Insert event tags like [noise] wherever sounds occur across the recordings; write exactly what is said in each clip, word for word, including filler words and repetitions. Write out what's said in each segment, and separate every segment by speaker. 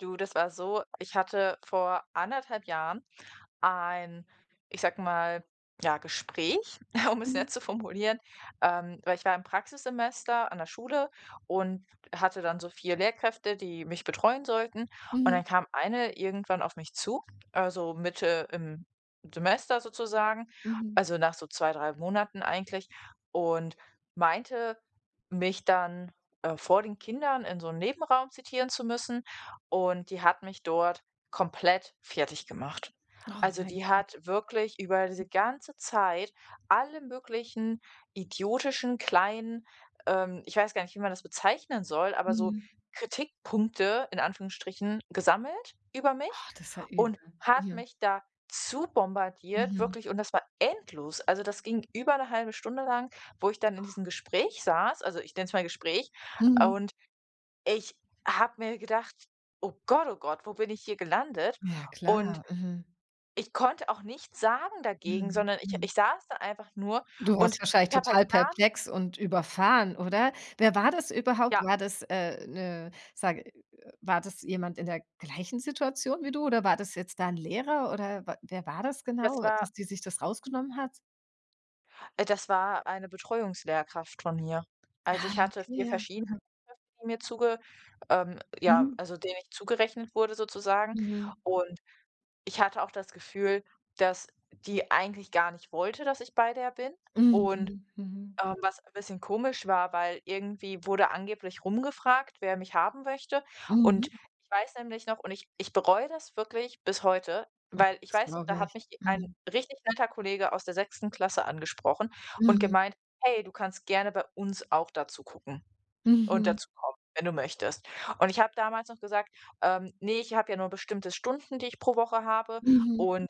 Speaker 1: Du, das war so, ich hatte vor anderthalb Jahren ein, ich sage mal, ja Gespräch, um es
Speaker 2: Mhm.
Speaker 1: nett zu formulieren. Ähm, weil ich war im Praxissemester an der Schule und hatte dann so vier Lehrkräfte, die mich betreuen sollten. Und
Speaker 2: Mhm.
Speaker 1: dann kam Eine irgendwann auf mich zu. Äh, so Mitte im Semester sozusagen.
Speaker 2: Mhm.
Speaker 1: Also, nach so zwei, drei Monaten eigentlich und meinte, mich dann, äh, vor den Kindern in so 'n Nebenraum zitieren zu müssen. Und die hat mich dort komplett fertiggemacht.
Speaker 2: Oh
Speaker 1: Also,
Speaker 2: mein
Speaker 1: die
Speaker 2: Gott!
Speaker 1: hat wirklich über
Speaker 2: [unintelligible]
Speaker 1: diese ganze Zeit alle möglichen idiotischen, kleinen, ähm, ich weiß gar nicht, wie man das bezeichnen soll, aber so
Speaker 2: Mhm.
Speaker 1: Kritikpunkte in Anführungsstrichen gesammelt über mich
Speaker 2: Oh, das ist ja übel.
Speaker 1: und hat
Speaker 2: Ja.
Speaker 1: mich da zubombardiert
Speaker 2: Mhm.
Speaker 1: wirklich und das war endlos. Also, das ging über 'ne halbe Stunde lang, wo ich dann in diesem Gespräch saß. Also, ich nenne es mal Gespräch
Speaker 2: Mhm.
Speaker 1: und ich habe mir gedacht: „Oh Gott, oh Gott, wo bin ich hier gelandet?“
Speaker 2: Ja
Speaker 1: Und
Speaker 2: klar. Mhm.
Speaker 1: ich konnte auch nichts sagen dagegen,
Speaker 2: Mhm.
Speaker 1: sondern ich
Speaker 2: Mhm.
Speaker 1: ich saß da einfach nur
Speaker 2: Du
Speaker 1: und
Speaker 2: warst wahrscheinlich
Speaker 1: ich habe halt
Speaker 2: total
Speaker 1: gar nicht
Speaker 2: perplex und überfahren, oder? Wer war das überhaupt?
Speaker 1: Ja.
Speaker 2: War das, äh, 'ne, sage war das jemand in der gleichen Situation wie du? Oder war das jetzt da 'n Lehrer oder we wer war das
Speaker 1: Das
Speaker 2: genau,
Speaker 1: war
Speaker 2: dass die sich das rausgenommen hat?
Speaker 1: äh, das war eine Betreuungslehrkraft von mir. Also,
Speaker 2: Ah,
Speaker 1: ich hatte
Speaker 2: okay.
Speaker 1: vier
Speaker 2: Ja.
Speaker 1: verschiedene,
Speaker 2: Mhm.
Speaker 1: die mir zuge ähm, ja,
Speaker 2: Mhm.
Speaker 1: also, denen ich zugerechnet wurde sozusagen.
Speaker 2: Mhm.
Speaker 1: Und ich hatte auch das Gefühl, dass die eigentlich gar nicht wollte, dass ich bei der bin. Und,
Speaker 2: Mhm. Mhm.
Speaker 1: ähm, was ein bisschen komisch war, weil irgendwie wurde angeblich rumgefragt, wer mich haben möchte. Und
Speaker 2: Mhm.
Speaker 1: ich weiß nämlich noch und ich ich bereue das wirklich bis heute, weil ich
Speaker 2: .Das
Speaker 1: weiß noch, da
Speaker 2: glaube
Speaker 1: hat
Speaker 2: ich.
Speaker 1: mich ein
Speaker 2: Mhm.
Speaker 1: richtig netter Kollege aus der sechsten Klasse angesprochen und
Speaker 2: Mhm.
Speaker 1: gemeint: „Hey, du kannst gerne bei uns auch da zugucken und
Speaker 2: Mhm.
Speaker 1: dazukommen, wenn du möchtest.“ Und ich habe damals noch gesagt: „Ähm, ne, ich habe ja nur bestimmte Stunden, die ich pro Woche habe
Speaker 2: Mhm.
Speaker 1: und“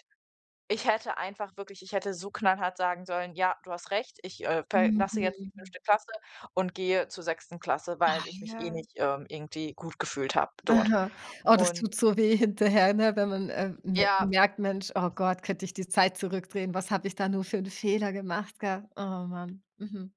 Speaker 1: Ich hätte einfach wirklich ich hätte so knallhart sagen sollen: „Ja, du hast recht, ich, äh, verlasse jetzt die
Speaker 2: Mhm.
Speaker 1: fünfte Klasse und gehe zur sechsten Klasse,
Speaker 2: Ah,
Speaker 1: weil ich mich eh
Speaker 2: ja.
Speaker 1: nicht, ähm, irgendwie gut gefühlt habe dort.“
Speaker 2: Aha, oh, das
Speaker 1: Und
Speaker 2: tut so weh hinterher, ne, wenn man, äh, me
Speaker 1: Ja.
Speaker 2: merkt: „Mensch, oh Gott, könnte ich die Zeit zurückdrehen, was habe ich da nur für 'n Fehler gemacht, gell?“ Oh Mann. Mhm.